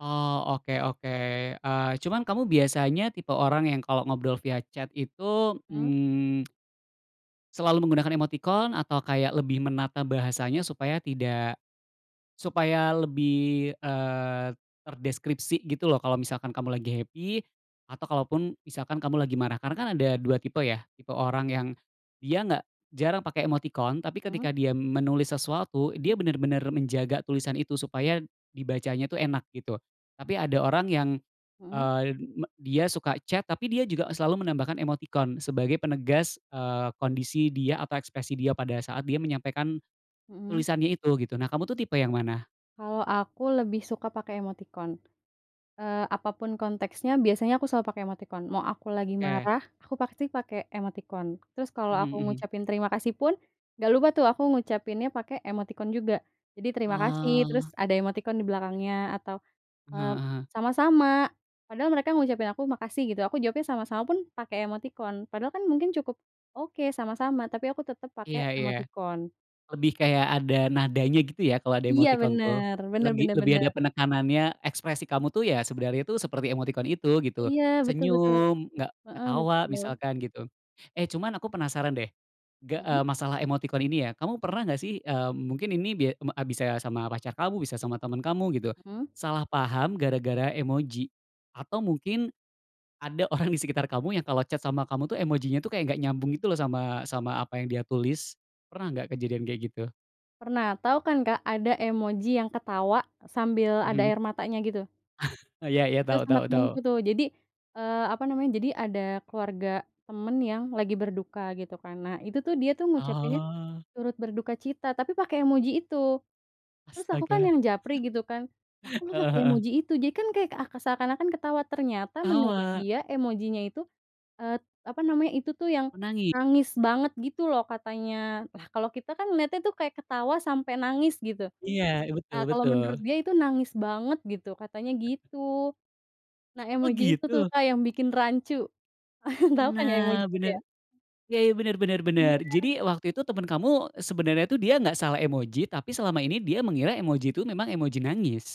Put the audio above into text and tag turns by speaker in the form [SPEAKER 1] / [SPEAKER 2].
[SPEAKER 1] Oh, oke oke. Eee, cuman kamu biasanya tipe orang yang kalau ngobrol via chat itu,
[SPEAKER 2] Mmm.
[SPEAKER 1] mmm, selalu menggunakan emotikon atau kayak lebih menata bahasanya supaya tidak supaya lebih, eee, terdeskripsi gitu loh kalau misalkan kamu lagi happy, atau kalaupun misalkan kamu lagi marah, karena kan ada 2 tipe ya, tipe orang yang dia nggak jarang pake emotikon, tapi
[SPEAKER 2] Mmm.
[SPEAKER 1] ketika dia menulis sesuatu dia
[SPEAKER 2] Mhm.
[SPEAKER 1] benar-benar menjaga tulisan itu supaya dibacanya tu enak gitu, tapi ada orang yang,
[SPEAKER 2] Mhm.
[SPEAKER 1] eee, me dia suka chat tapi dia juga selalu menambahkan emotikon sebagai penegas, eee, kondisi dia atau ekspresi dia pada saat dia menyampaikan
[SPEAKER 2] Mhm.
[SPEAKER 1] tulisannya itu gitu. Nah kamu tuh tipe yang mana?
[SPEAKER 2] Kalau aku lebih suka pakai emoticon. Eee, apapun konteksnya, biasanya aku selalu pakai emoticon, mau aku lagi
[SPEAKER 1] Oke.
[SPEAKER 2] marah aku pasti pakai emoticon. Terus kalau
[SPEAKER 1] Mhm
[SPEAKER 2] aku
[SPEAKER 1] mhm.
[SPEAKER 2] ngucapin terima kasih pun, nggak lupa tuh aku ngucapinnya pakai emoticon juga, jadi, "terima kasih," terus
[SPEAKER 1] Ah.
[SPEAKER 2] ada emoticon di belakangnya atau, eee,
[SPEAKER 1] Heeh heeh.
[SPEAKER 2] "sama-sama," padahal mereka ngucapin aku, "makasih," gitu, aku jawabnya, "sama-sama," pun pakai emoticon, padahal kan mungkin cukup, "oke sama-sama," tapi aku tetap pakai
[SPEAKER 1] Iya iya.
[SPEAKER 2] emoticon.
[SPEAKER 1] Lebih kayak ada nadanya gitu ya kalo ada
[SPEAKER 2] Iya
[SPEAKER 1] emotikon tuh.
[SPEAKER 2] bener, bener
[SPEAKER 1] Lebih
[SPEAKER 2] bener
[SPEAKER 1] lebih
[SPEAKER 2] bener.
[SPEAKER 1] ada penekanannya, ekspresi kamu tuh ya sebenarnya tuh seperti emotikon itu, gitu.
[SPEAKER 2] Iya betul betul.
[SPEAKER 1] Senyum, nggak
[SPEAKER 2] Heeh,
[SPEAKER 1] ketawa,
[SPEAKER 2] betul.
[SPEAKER 1] misalkan gitu. Eh cuman aku penasaran deh, ge
[SPEAKER 2] Mhm.
[SPEAKER 1] eee, masalah emotikon ini ya. Kamu pernah nggak sih, eee, mungkin ini bia me a bisa sama pacar kamu, bisa sama teman kamu gitu,
[SPEAKER 2] Mmm.
[SPEAKER 1] salah paham gara-gara emoji. Atau mungkin, ada orang di sekitar kamu yang kalo chat sama kamu tuh emojinya tuh kayak nggak nyambung gitu loh sama sama apa yang dia tulis. Pernah nggak kejadian kayak gitu?
[SPEAKER 2] Pernah, tahu kan Kak, ada emoji yang ketawa sambil ada
[SPEAKER 1] Mhm.
[SPEAKER 2] air matanya gitu?
[SPEAKER 1] Iya iya,
[SPEAKER 2] Itu
[SPEAKER 1] tau
[SPEAKER 2] sama
[SPEAKER 1] tau
[SPEAKER 2] temanku
[SPEAKER 1] tau.
[SPEAKER 2] tuh. Jadi, eee, apa namanya, jadi ada keluarga teman yang lagi berduka gitu kan. Nah itu tuh, dia tuh ngucapinnya,
[SPEAKER 1] Oh.
[SPEAKER 2] "turut berdukacita," tapi pakai emoji itu. Terus aku kan
[SPEAKER 1] Astaga.
[SPEAKER 2] yang japri gitu kan, "Lah kok lo
[SPEAKER 1] Heeh
[SPEAKER 2] pakai
[SPEAKER 1] heeh.
[SPEAKER 2] emoji itu?" Jadi kan kayak ak seakan-akan ketawa, ternyata menurut
[SPEAKER 1] Tawa.
[SPEAKER 2] dia emojinya itu, eee, apa namanya, itu tuh yang
[SPEAKER 1] Menangis.
[SPEAKER 2] nangis banget gitu loh katanya. Lah kalau kita kan lihatnya tuh kayak ketawa sampai nangis gitu,
[SPEAKER 1] Iya ih, betul
[SPEAKER 2] ah kalau
[SPEAKER 1] betul.
[SPEAKER 2] menurut dia itu nangis banget gitu, katanya
[SPEAKER 1] Heeh.
[SPEAKER 2] gitu. Nah
[SPEAKER 1] Oh
[SPEAKER 2] emoji itu tuh
[SPEAKER 1] gitu?
[SPEAKER 2] Kak yang bikin rancu. Tau kan ya, emoji
[SPEAKER 1] Nah
[SPEAKER 2] itu ya?
[SPEAKER 1] bener. Ya ya bener bener bener.
[SPEAKER 2] Iya.
[SPEAKER 1] Jadi waktu itu temen kamu sebenarnya tuh dia nggak salah emoji, tapi selama ini dia mengira emoji itu memang emoji nangis.